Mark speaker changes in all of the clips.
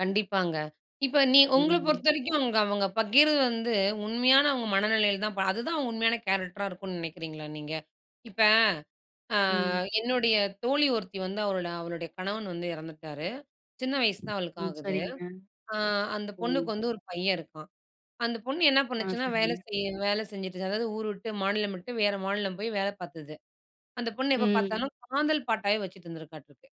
Speaker 1: கண்டிப்பாங்க. இப்ப நீ உங்கள
Speaker 2: ம்.
Speaker 1: பொறுத்தவரைக்கும் அவுங்க பகிர்றது வந்து, உண்மையான அவுங்க மனநிலையில தான் அப்ப அதுதான் உண்மையான கேரெக்டரா இருக்குன்னு நினைக்கிறீங்களா நீங்க? இப்ப, அ
Speaker 2: ம்.
Speaker 1: என்னுடைய தோழி ஒருத்தி வந்து அவளோட, அவளுடைய கணவன் வந்து இறந்துட்டாரு. சின்ன வயசுதான் அவளுக்கு
Speaker 2: ம்.
Speaker 1: ஆகுது.
Speaker 2: சரிங்க.
Speaker 1: அ அந்தப்
Speaker 2: ஓ!
Speaker 1: பொண்ணுக்கு வந்து ஒரு பையன் இருக்கான். அந்தப் பொண்ணு என்ன
Speaker 2: அ,
Speaker 1: பண்ணுச்சுன்னா வேலை
Speaker 2: சரிங்க.
Speaker 1: செய்ய, வேலை செஞ்சிட்டு, அதாவது ஊரு விட்டு, மாநிலம் விட்டு, வேற மாநிலம் போய் வேலை பார்த்தது. அந்தப் பொண்ணு எப்ப
Speaker 2: ம்.
Speaker 1: பார்த்தாலும் காதல் பாட்டா வச்சிட்டுருந்திருக்காட்ருக்கு.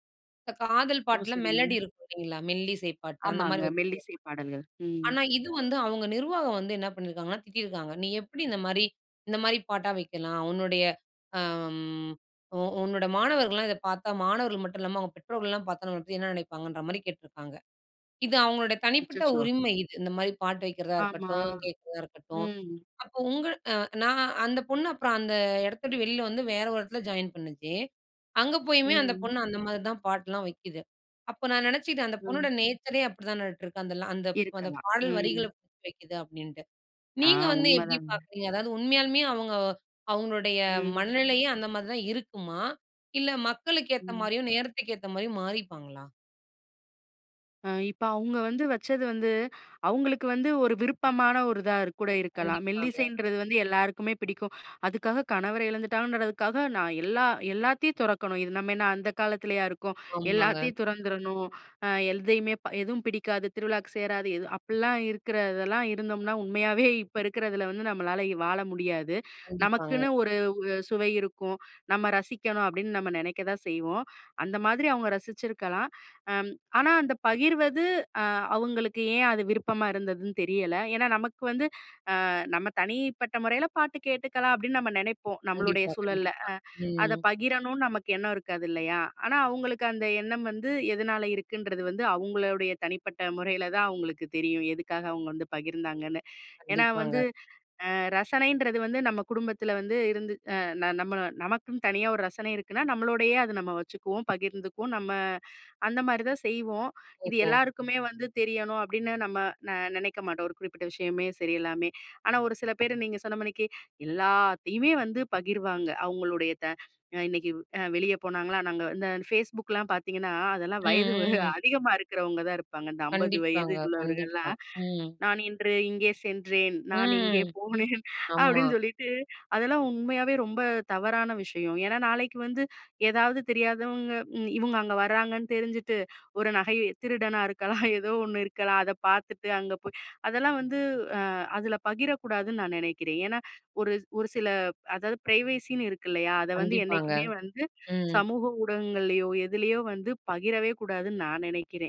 Speaker 1: காதல்
Speaker 2: ஓ!
Speaker 1: பாட்டுல மெலோடி
Speaker 2: சரிங்க.
Speaker 1: இருக்கும் இல்லீங்களா! மெல்லிசைப் பாட்டு அந்த
Speaker 2: ஆமாங்க.
Speaker 1: மாரி
Speaker 2: மெல்லிசை பாடல்கள்.
Speaker 1: [unintelligible]
Speaker 2: ம்.
Speaker 1: ஆனா, இது வந்து, அவுங்க நிர்வாகம் வந்து என்ன பண்ணிருக்காங்கன்னா திட்டிருக்காங்க. நீ எப்பிடி இந்தமாரி, இந்தமாரி பாட்டா வைக்கலாம்? உன்னுடைய. அ, ம். உ உன்னோட மாணவர்கள்லாம் இதப் பார்த்தா மாணவர்கள் மட்டுமல்லாம, அவுங்க பெற்றோர்கள்லாம் பார்த்தா நம்பளப்பத்தி என்ன நினைப்பாங்கன்றமாரி கேட்டுருக்காங்க. இது அவுங்களோட தனிப்பட்ட
Speaker 2: அச்சச்சோ!
Speaker 1: உரிமை இது. இந்தமாரி பாட்டு வைக்கிறதா
Speaker 2: ஆமா.
Speaker 1: இருக்கட்டும், கேட்கிறதா இருக்கட்டும்.
Speaker 2: ம்.
Speaker 1: அப்போ உங்க அ நான் அந்தப் பொண்ணு, அப்புறம் அந்த இடத்த விட்டு வெளில வந்து வேற ஒரு இடத்துல ஜாயின் பண்ணுச்சு. அங்க போயுமே அந்தப்
Speaker 2: ம்.
Speaker 1: பொண்ணு அந்த மாரிதான் பாட்டு எல்லாம் வைக்குது. அப்ப நான் நினைச்சுக்கிட்டேன் அந்தப் பொண்ணோட
Speaker 2: அ.
Speaker 1: நேச்சரயே அப்பிடித்தானாட்டுருக்கு. அந்த ல அந்த, அந்தப்
Speaker 2: இருக்கலாம்.
Speaker 1: பாடல் வரிகள
Speaker 2: ம்.
Speaker 1: வைக்குது அப்பிடின்னு.
Speaker 2: அ,
Speaker 1: நீங்க வந்து
Speaker 2: உண்ம
Speaker 1: எப்பிடி
Speaker 2: தாங்க.
Speaker 1: பார்க்குறீங்க? அதாவது உண்மையாலுமே அவுங்க, அவுங்களுடைய
Speaker 2: ம்.
Speaker 1: மனநிலையும் அந்தமாரிதான் இருக்குமா? இல்ல மக்களுக்கு ஏத்த
Speaker 2: ம்.
Speaker 1: மாரியும் நேரத்துக்கு ஏத்த மாரியும் மாறிப்பாங்களா?
Speaker 2: அ இப்ப அவுங்க வந்து வச்சது வந்து அவுங்களுக்கு வந்து ஒரு விருப்பமான ஒருதாக்கூட இருக்கலாம்.
Speaker 1: கண்டிப்பாங்க.
Speaker 2: மெல்லிசைன்றது வந்து எல்லாருக்குமே பிடிக்கும். அதுக்காகக் கணவரை இழந்துட்டாங்கன்றதுக்காக நான் எல்லா எல்லாத்தையும் துறக்கணும். இது நம்ம என்ன அந்தக் காலத்துலயா இருக்கோம்?
Speaker 1: ஆமாங்க.
Speaker 2: எல்லாத்தையும் துறந்திறணும். அ எதையுமே எதுவும் பிடிக்காது. திருவிழாவுக்குச் சேராது. எது? அப்புட்ல்லாம் இருக்குறதெல்லாம் இருந்தோம்ன்னா, உண்மையாவே இப்ப இருக்குறதுல வந்து நம்மளால வாழ முடியாது.
Speaker 1: கண்டிப்பாங்க.
Speaker 2: நமக்குன்னு ஒரு உ அ சுவை இருக்கும். நம்ம ரசிக்கணும் அப்பிடின்னு நம்ம நினைக்கத்தான் செய்வோம். அந்த மாதிரி அவுங்க ரசிச்சிருக்கலாம். அம், ஆனா அந்தப் பகிர்வது, அ அவுங்களுக்கு ஏன் அது விருப்பமா இருந்ததுன்னு தெரியல. ஏன்னா, நமக்கு வந்து, அ நம்ம தனிப்பட்ட முறையில பாட்டு கேட்டுக்கலாம், அப்பிடின்னு நம்ம நினைப்போம். நம்மளுடைய
Speaker 1: கண்டிப்பா.
Speaker 2: சூழல்ல. அ
Speaker 1: கண்டிப்பா.
Speaker 2: அத
Speaker 1: ம்.
Speaker 2: பகிரணும்னு நமக்கு எண்ணம் இருக்காது இல்லயா! ஆனா, அவுங்களுக்கு அந்த எண்ணம் வந்து எதனால இருக்குன்றது வந்து அவுங்களுடைய தனிப்பட்ட முறையில தான் அவுங்களுக்கு தெரியும். எதுக்காக அவுங்க வந்து பகிர்ந்தாங்கன்னு. ஏன்னா வந்து
Speaker 1: கண்டிப்பாங்க.
Speaker 2: அ ரசனைன்றது வந்து நம்ம குடும்பத்துல வந்து இருந்து அ ந நம்ம நமக்குத் தனியா ஒரு ரசனை இருக்குன்னா நம்மளோடயே அத நம்ம வச்சுக்குவோம். பகிர்ந்துக்குவோம். நம்ம அந்தமாரி தான் செய்வோம். இது
Speaker 1: ஓஹோ!
Speaker 2: எல்லாருக்குமே வந்து தெரியணும் அப்பிடின்னு நம்ம ந நினைக்கமாட்டோம். ஒரு குறிப்பிட்ட விஷயமே சரி எல்லாமே! ஆனா, ஒரு சில பேர் நீங்கச் சொன்னமானிக்கி எல்லாத்தையுமே வந்து பகிர்வாங்க! அவுங்களுடைய த அ இன்னக்கி அ வெளிய போனாங்களா, நாங்க இந்த Facebookலாம் பாத்தீங்கன்னா அதெல்லாம்
Speaker 1: ம்,
Speaker 2: வயது
Speaker 1: ம்.
Speaker 2: அதிகமா இருக்குறவங்க தான் இருப்பாங்க. இந்த 50 வயது
Speaker 1: கண்டிப்பாங்க. கண்டிப்பா.
Speaker 2: உள்ளவர்கள்லாம்.
Speaker 1: ம்.
Speaker 2: "நான் இன்று இங்கே சென்றேன். நான் இங்கே
Speaker 1: ம்.
Speaker 2: போனேன்!"
Speaker 1: ஆமா.
Speaker 2: அப்பிடின்னு சொல்லிட்டு. அதெல்லாம் உண்மையாவே ரொம்ப தவறான விஷயம். ஏன்னா, நாளைக்கு வந்து ஏதாவது தெரியாதவங்க, இம் இவுங்க அங்க வர்றாங்கன்னு தெரிஞ்சுட்டு, ஒரு நகை. திருடனா இருக்கலாம் ஏதோ ஒண்ணு இருக்கலாம். அத பாத்துட்டு, அங்க போய் அதெல்லாம் வந்து அ அதுல பகிரக்கூடாதுன்னு நான் நினைக்கிறேன். ஏன்னா ஒரு ஒரு சில அதாவது ஃப்ரைவசின்னு இருக்கு இல்லயா? அத வந்து
Speaker 1: கண்டிப்பாங்க.
Speaker 2: என்னைக்குமே வந்து
Speaker 1: ம்.
Speaker 2: சமூக ஊடகங்கள்லயோ! எதிலயோ! வந்து பகிரவே கூடாதுன்னு நான் நினைக்கிறேன்.